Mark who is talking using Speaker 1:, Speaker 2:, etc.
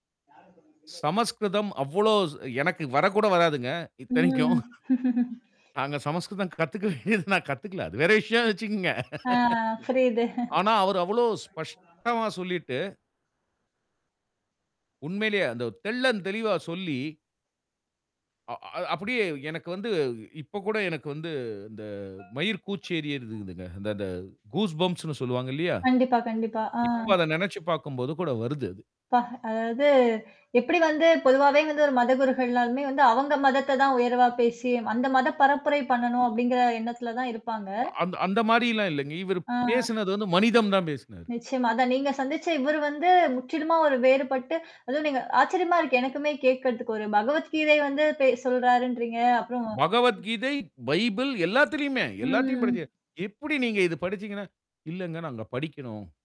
Speaker 1: யார தொடர்ந்த பில்லு.
Speaker 2: சமஸ்கிருதம் அவளோஸ், எனக்கு வரக்கூட வராதுங்க, இத்தனைக்கும்.
Speaker 1: ம்.
Speaker 2: நாங்க சமஸ்கிருதம் கத்துக்க வேண்டியது, நான் கத்துக்கில. அது வேற விஷயனு வச்சுக்கோங்க.
Speaker 1: ஆ, புரியுது.
Speaker 2: ஆனா, அவரு அவ்வளவு ஸ்பஷ்டமா சொல்லிட்டு. உண்மையிலயே அந்த ஒ, தெள்ளந் தெளிவா சொல்லி, அ, அது, அப்படியே எனக்கு வந்து இப்ப கூட எனக்கு வந்து, இந்த மயிர் கூச்சேறிருதுங்க. இந்த, இந்த கூஸ் பம்ப்ஸ் னு சொல்வாங்கில்லையா.
Speaker 1: கண்டிப்பா. கண்டிப்பா. ஆ.
Speaker 2: இப்ப அத, நெனச்சுப் பார்க்கும்போது கூட வருது அது.
Speaker 1: ப்பா, அதாவது எப்படி வந்து, பொதுவாவே வந்து ஒரு மதகுருகள்னாலுமே வந்து, அவங்க மதத்த தான் உயர்வா பேசி, அந்த மத பரப்புரை பண்ணனும், அப்படிங்கிற எண்ணத்துல தான் இருப்பாங்க.
Speaker 2: அந், அந்த மாரில்லாம் இல்லங்க. இவர்
Speaker 1: ஆ.
Speaker 2: பேசுனது வந்து, மனிதம் தான் பேசினாரு.
Speaker 1: நிச்சயமா. அதான் நீங்க சந்திச்ச இவரு வந்து, முற்றிலுமா ஒரு வேறுபட்டு, அதுவும் நீங்க ஆச்சரியமா இருக்கு, எனக்குமே கேக்குறதுக்கு. ஒரு பகவத்கீதை வந்து பேசுறாருன்றீங்க. அப்புறம்.
Speaker 2: பகவத்கீதை, பைபிள் எல்லாத்திலுமே. எல்லாத்தையும் படுச்சே.
Speaker 1: ம்.
Speaker 2: "எப்படி நீங்க இது படுச்சீங்கனா?", இல்லங்க நாங்க படிக்கணும்.